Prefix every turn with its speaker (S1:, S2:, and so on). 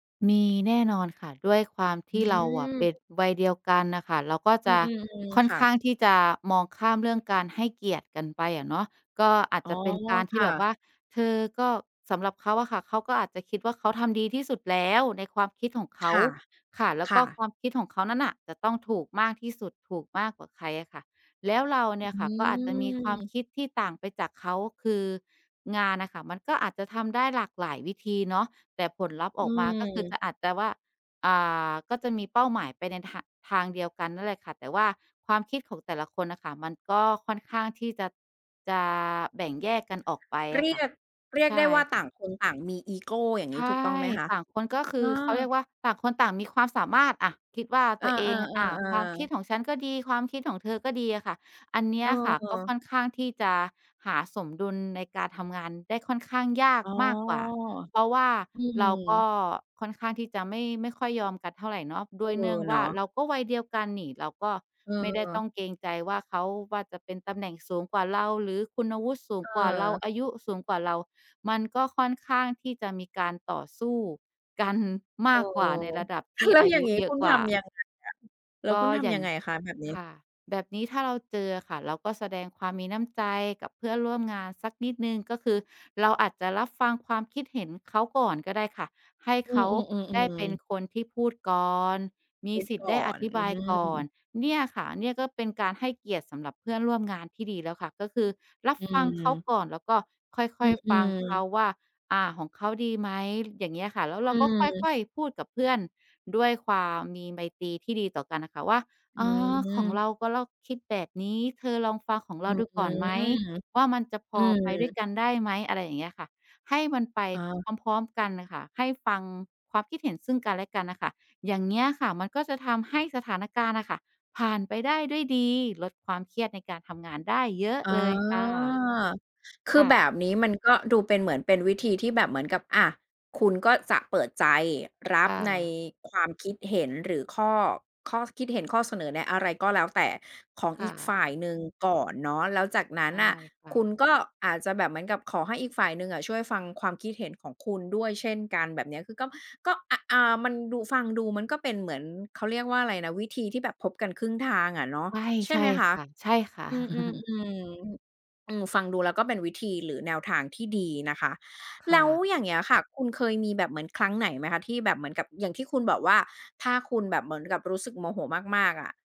S1: มีแน่นอนค่ะ ด้วยความท
S2: อื
S1: ี่ เราอะ
S2: ม
S1: เป็นวัยเดียวกันน่ะค่ะ เราก็
S2: อื
S1: จะ
S2: ม ๆ
S1: ค่อ
S2: ๆ
S1: น
S2: ค่
S1: ข
S2: ะ
S1: ้างที่จะมองข้ามเรื่องการให้เกียรติกันไปอะเนาะ ก็อาจ
S2: อ๋
S1: จ
S2: อ
S1: ะเป็นการท
S2: ค
S1: ี่
S2: ่
S1: แบบ
S2: ะ
S1: ว่า เธอก็ สำหรับเขาอะค่ะ เขาก็อาจจะคิดว่าเขาทำดีที่สุดแล้วในความคิดของเข
S2: ค
S1: า
S2: ่ะ
S1: ค่ะ แล้ว
S2: ค
S1: ก็
S2: ่ะ
S1: ความคิดของเขานั้นน่ะจะต้องถูกมากที่สุด ถูกมากกว่าใครอะค่ะ แล้วเราเน
S2: อ
S1: ี
S2: ื
S1: ่ยค่ะก็อาจจะมีความ
S2: ม
S1: คิดที่ต่างไปจากเขา คืองานน่ะค่ะมันก็อาจจะทำได้หลากหลายวิธีเนาะ แต่ผลลัพธ์
S2: อื
S1: ออกมาก็คือจ
S2: ม
S1: ะ อาจจะว่า อ่า ก็จะมีเป้าหมายไปในทา ทางเดียวกันนั่นแหละค่ะ แต่ว่าความคิดของแต่ละคนน่ะค่ะมันก็ค่อนข้างที่จะ จะแบ่งแยกกันออกไป
S2: เ
S1: อ
S2: รี
S1: ะค่ะ
S2: ยก เรีย
S1: ใ
S2: ก
S1: ช
S2: ได
S1: ่
S2: ้ว่า
S1: ค
S2: ต่
S1: ่
S2: า
S1: ะ
S2: งคนต่างมีอีโก อย่าง
S1: ใ
S2: งี
S1: ช
S2: ้ ถู
S1: ่
S2: กต้องไหมคะ?
S1: ต่างคนก็คื
S2: อ
S1: อ เขาเรี
S2: า
S1: ยกว่า ต่างคนต่างมีความสามารถ อา คิดว่า
S2: อ
S1: ต
S2: า
S1: ัวเอง อา ความค
S2: ๆ
S1: ิด
S2: ๆ ๆ
S1: ของฉันก็ดี ความคิดของเธอก็ดีอะค่ะ อันเนี
S2: เ
S1: ้ยอะค่ะก็ค
S2: ออ
S1: ่อนข้างที่จะหาสมดุลในการทำงานได้ค่อนข้างยาก
S2: อ๋อ
S1: มากกว่า เพราะว่า
S2: อื
S1: เราก็
S2: ม
S1: ค่อนข้างที่จะไม่ ไม่ค่อยยอมกันเท่าไหร่เนาะ ด
S2: เอ
S1: ้
S2: อ
S1: วยเนื่องว
S2: เน
S1: ่
S2: า
S1: า
S2: ะ
S1: เราก็วัยเดียวกันนี่ เราก็ไม่ได้ต้
S2: เออ
S1: องเกรงใจว่าเขา ว่าจะเป็นตำแหน่งสูงกว่าเรา หรือคุณวุฒิสูงกว่าเรา
S2: เออ
S1: อายุสูงกว่าเรา มันก็ค่อนข้างที่จะมีการต่อสู้กันม
S2: เอ
S1: า
S2: อ
S1: กกว่าในระดับที่
S2: แล้ว
S1: อา
S2: อย่
S1: ย
S2: าง
S1: ุ
S2: นี้
S1: เยอ
S2: ค
S1: ะ
S2: ุณ
S1: กว
S2: ท
S1: ่า
S2: ำยังไงล่ะ แล้ว
S1: ก็
S2: คุณท
S1: อย่
S2: ำย
S1: า
S2: ั
S1: ง
S2: งไงคะแบบนี้?
S1: ค่ะ แบบนี้ถ้าเราเจออะค่ะ เราก็แสดงความมีน้ำใจกับเพื่อนร่วมงานสักนิดหนึ่ง ก็คือเราอาจจะรับฟังความคิดเห็นเขาก่อนก็ได้ค่ะ ให้
S2: อื
S1: เข
S2: อ
S1: าได้เป็
S2: ๆ ๆ
S1: น
S2: ๆ
S1: คนที่พูดก่อน ม
S2: พ
S1: ี
S2: ูด
S1: สิทธ
S2: ก
S1: ิ์ได้
S2: ่อ
S1: อ
S2: น
S1: ธิ
S2: อ
S1: บ
S2: ื
S1: ายก่อน
S2: ม
S1: เนี่ยค่ะ เนี่ยก็เป็นการให้เกียรติสำหรับเพื่อนร่วมงานที่ดีแล้วค่ะ ก็คือรับ
S2: อื
S1: ฟังเขา
S2: ม
S1: ก่อน แล้วก็ค่
S2: อื
S1: อย ๆ ฟังเขา
S2: อ ๆ
S1: ว่า อา ของเขาดีไหม ล อย่างเงี้ยค่ะ แล้วเ
S2: อ
S1: ร
S2: ื
S1: าก็ค
S2: ม
S1: ่อย ๆ พูดกับเพื่อนด้วยความมีไมตรีที่ดีต่อกันอะค่ะว่า
S2: อื
S1: "อา ของ
S2: ม
S1: เรา ก็เราคิดแบบนี้ เธอลองฟังของเ
S2: อ
S1: รา
S2: ื้
S1: ด
S2: อ
S1: ู
S2: ฮ
S1: ก
S2: ื
S1: ่
S2: อ
S1: อนไหมว่ามันจะพ
S2: อื
S1: อไปด้วย
S2: ม
S1: กันได้ไหม?" อะไรอย่างเงี้ยอะค่ะ ให้มันไป
S2: อ๋อ
S1: พร้อม ๆ กันน่ะค่ะ ให้ฟังความคิดเห็นซึ่งกันและกันน่ะค่ะ อย่างเงี้ยอะค่ะมันก็จะทำให้สถานการณ์อะค่ะผ่านไปได้ด้วยดี ลดความเครียดในการทำงานได้เยอะ
S2: อ๋อ
S1: เลยค่ะ
S2: คื
S1: ค
S2: อ
S1: ่
S2: แบ
S1: ะ
S2: บนี้มันก็ดูเป็น เหมือนเป็นวิธีที่แบบเหมือนกับ อา คุณก็จะเปิดใจรั
S1: ค
S2: บ
S1: ่
S2: ใน
S1: ะ
S2: ความคิดเห็น หรือข้อ ข้อคิดเห็น ข้อเสนอในอะไรก็แล้วแต่ของ
S1: ค
S2: อ
S1: ่
S2: ีกฝ
S1: ะ
S2: ่ายหนึ่งก่อนเนาะ แล้วจากนั
S1: ใ
S2: ้
S1: ช
S2: น
S1: ่
S2: น่ะ
S1: ค่
S2: คุ
S1: ะ
S2: ณก็อาจจะแบบเหมือนกับขอให้อีกฝ่ายหนึ่งอะช่วยฟังความคิดเห็นของคุณด้วยเช่นกัน แบบเนี้ย คือก็ ก็ อ อา มันดู ฟังดูมันก็เป็นเหมือน เขาเรียกว่าอะไรนะ วิธีที่แบบพบกันครึ่งทางอะเนาะ
S1: ใช่
S2: ใช่
S1: ใช
S2: ไ
S1: ่
S2: หมค
S1: ค
S2: ะ
S1: ่ะ ใช่ค่ะ
S2: อืม ๆ ๆ อืม ฟังดูแล้วก็เป็นวิธีหรือแนวทางที่ดีนะคะ
S1: ค
S2: แล
S1: ่
S2: ้ว
S1: ะ
S2: อย่างเงี้ยค่ะ คุณเคยมีแบบเหมือนครั้งไหนไหมคะที่แบบเหมือนกับ อย่างที่คุณบอกว่า ถ้าคุณแบบเหมือนกับรู้สึกโมโหมาก ๆ อะ